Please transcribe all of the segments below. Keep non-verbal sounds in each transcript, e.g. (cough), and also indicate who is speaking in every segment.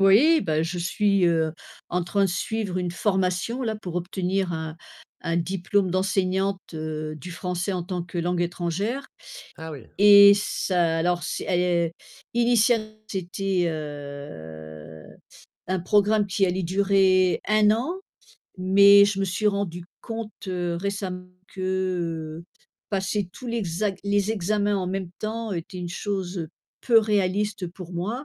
Speaker 1: Oui ben je suis, heu, en train de suivre une formation là pour obtenir un un diplôme d'enseignante, heu, du français en tant que langue étrangère
Speaker 2: Ah oui.
Speaker 1: et ça alors s é initialement c'était, heu, un programme qui allait durer 1 an, mais je me suis rendue compte récemment que, heu, passer tous l'exac les examens en même temps était une chose, heu, peu réaliste pour moi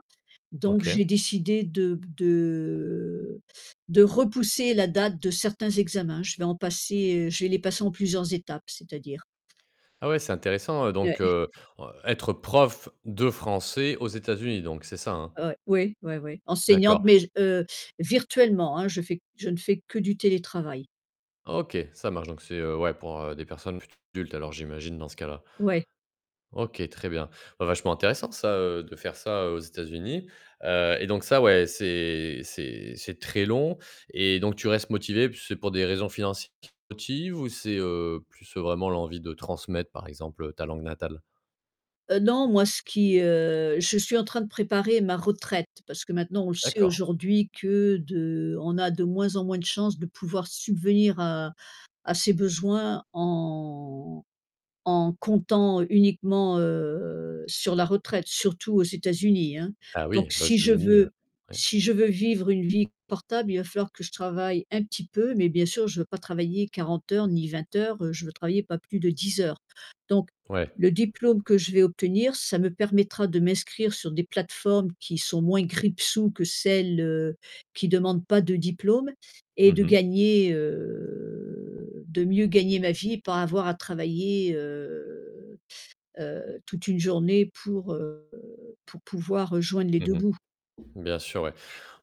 Speaker 1: donc
Speaker 2: OK.
Speaker 1: j'ai décidé de b de de repousser la date de certains examens. Je vais en passer, heu je vais les passer en plusieurs étapes, c'est-à-dire.
Speaker 2: Ah ouais, c'est intéressant, heu,
Speaker 1: Ouais.
Speaker 2: donc
Speaker 1: (chuckles)
Speaker 2: heu heu, être prof de français aux États-Unis donc. C'est ça, hein?
Speaker 1: Ouais. Oui, ouais, ouais, enseignante,
Speaker 2: D'accord.
Speaker 1: mais j heu, virtuellement, hein, je fais q je fais que du télétravail.
Speaker 2: OK, ça marche donc c'est, heu, ouais pour, heu, des personnes plutôt adultes alors j'imagine dans ce cas-là.
Speaker 1: Ouais.
Speaker 2: OK, très bien. Vachement intéressant ça, heu, de faire ça aux États-Unis. Heu et donc ça ouais, c'est c'est c'est très long et donc tu restes motivée, puis c'est pour des raisons financières qui te motives ou c'est, heu, plus, heu, vraiment l'envie de transmettre par exemple, heu, ta langue natale?
Speaker 1: Heu, non moi ce qui, heu, je suis en train de préparer ma retraite. Parce que maintenant on le sait
Speaker 2: D'accord.
Speaker 1: aujourd'hui que de on a de moins en moins de chances de pouvoir subvenir à à ses besoins en en comptant uniquement, heu, sur la retraite. Surtout aux États-Unis, hein,
Speaker 2: Ah
Speaker 1: donc
Speaker 2: oui, bah aux
Speaker 1: si je
Speaker 2: États-Unis, heu,
Speaker 1: veux
Speaker 2: ouais.
Speaker 1: si je veux vivre une vie portable, il va falloir que je travaille un petit peu, mais bien sûr je veux pas travailler 40 heures, ni 20 heures. Je veux travailler pas plus de 10 heures donc
Speaker 2: Ouais.
Speaker 1: le diplôme que je vais obtenir ça me permettra de m'inscrire sur des plateformes qui sont moins grippe-sous que celles, heu, qui demandent pas de diplôme et
Speaker 2: Mmh
Speaker 1: de
Speaker 2: mh.
Speaker 1: gagner, heu, de mieux gagner ma vie et pas avoir à travailler, heu, heu, toute une journée pour, heu, pour pouvoir, heu, joindre les 2
Speaker 2: Mmh mh.
Speaker 1: bouts.
Speaker 2: Bien sûr, ouais.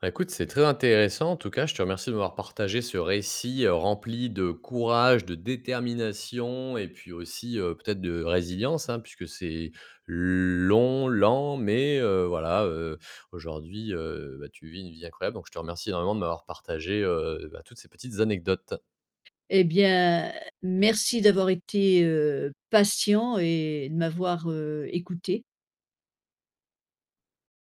Speaker 2: Bah écoute, c'est très intéressant en tout cas je te remercie de m'avoir partagé ce récit, heu, rempli de courage, de détermination et puis aussi, heu, peut-être de résilience, hein. Puisque c'est l long, lent mais heu, voilà, heu, aujourd'hui, heu, bah tu vis une vie incroyable donc je te remercie vraiment de m'avoir partagé, heu, bah toutes ces petites anecdotes.
Speaker 1: Eh bien merci d'avoir été, heu, patient et de m'avoir, heu, écoutée.